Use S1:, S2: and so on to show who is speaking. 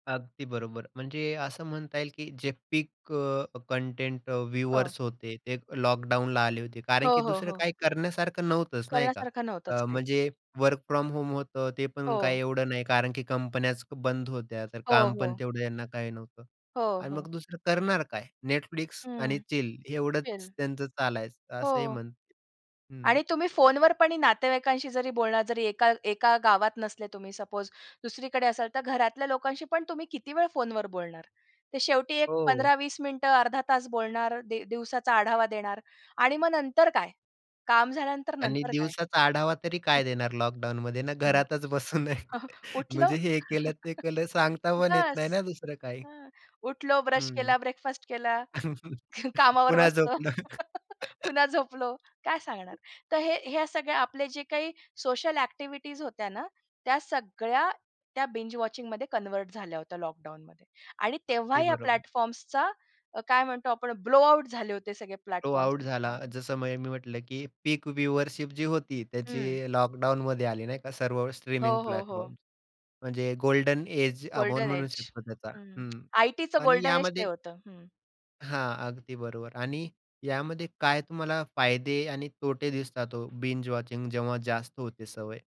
S1: अगदी बरोबर. म्हणजे असं म्हणता येईल, की जे पीक अ, कंटेंट अ,
S2: हो.
S1: व्यूअर्स होते, ते लॉकडाऊनला आले होते.
S2: हो,
S1: कारण की
S2: हो,
S1: दुसरं
S2: हो.
S1: काही करण्यासारखं नव्हतंच नाही का?
S2: करण्यासारखं नव्हतंच
S1: अ,
S2: काहीच.
S1: म्हणजे वर्क फ्रॉम होम होतं. ते पण काही
S2: हो.
S1: एवढं नाही, कारण की कंपन्याच बंद होत्या. तर
S2: हो,
S1: काम पण
S2: हो.
S1: तेवढं यांना काही नव्हतं
S2: हो,
S1: आणि
S2: हो.
S1: मग दुसरं करणार काय? Netflix आणि
S2: हं.
S1: चिल एवढंच
S2: चिल.
S1: त्यांचं चालायचं असंही
S2: हो.
S1: म्हणत हं.
S2: आणि तुम्ही फोनवर पणी नातेवाईकांशी जरी बोलणार जरी एका एका गावात नसले तुम्ही सपोज, दुसरीकडे असाल, तर घरातल्या लोकांशी पण तुम्ही किती वेळ फोनवर बोलणार? ते शेवटी एक
S1: हो.
S2: 15-20 मिनिटं, अर्धा तास बोलणार, दि दिवसाचा आढावा देणार आणि मग नंतर काय? काम झाल्यानंतर,
S1: आणि
S2: नंतर काय?
S1: दिवसाचा आढावा तरी काय देणार लॉकडाउनमध्ये ना,
S2: हं.
S1: घरातच बसून आहे.
S2: उठलो.
S1: म्हणजे हे केलं, ते केलं, सांगता पण येत नाही
S2: बस.
S1: ना, दुसरं काही.
S2: हां. उठलो, ब्रश
S1: हं.
S2: केला, ब्रेकफास्ट केला, कामावर
S1: पुन्हा
S2: बसलो.
S1: झोपणार.
S2: पुन्हा झोपलो. काय सांगणार? तर हे हे सगळे आपले जे काही सोशल ॲक्टिव्हिटीज होत्या ना, त्या सगळ्या त्या बिंज वॉचिंगमध्ये कन्व्हर्ट झाल्या होत्या लॉकडाउनमध्ये. आणि तेव्हा
S1: अगदी
S2: या
S1: बरोबर.
S2: प्लॅटफॉर्म्सचा अ, काय म्हणतो आपण ब्लो आउट झाले होते सगळे
S1: ब्लो
S2: प्लॅटफॉर्म्स
S1: आउट झाला. जसं म मी म्हटलं, की पीक व्ह्यूअशिप जी होती,
S2: हं.
S1: त्याची लॉकडाउनमध्ये आली नाही का, सर्व स्ट्रीमिंग
S2: हो, हो, हो.
S1: प्लॅटफॉर्म्स. म्हणजे गोल्डन एज आपण
S2: गोल्डन
S1: म्हणू
S2: एज.
S1: शकतो त्याचा.
S2: हं.
S1: हं.
S2: आयटीचं
S1: आणि
S2: गोल्डन एज ते
S1: यामध्ये
S2: होतं. हं.
S1: हां. अगदी बरोबर. आणि यामध्ये काय तुम्हाला फायदे आणि तोटे दिसतात हो, बिंज वॉचिंग जेव्हा जास्त होते सवय?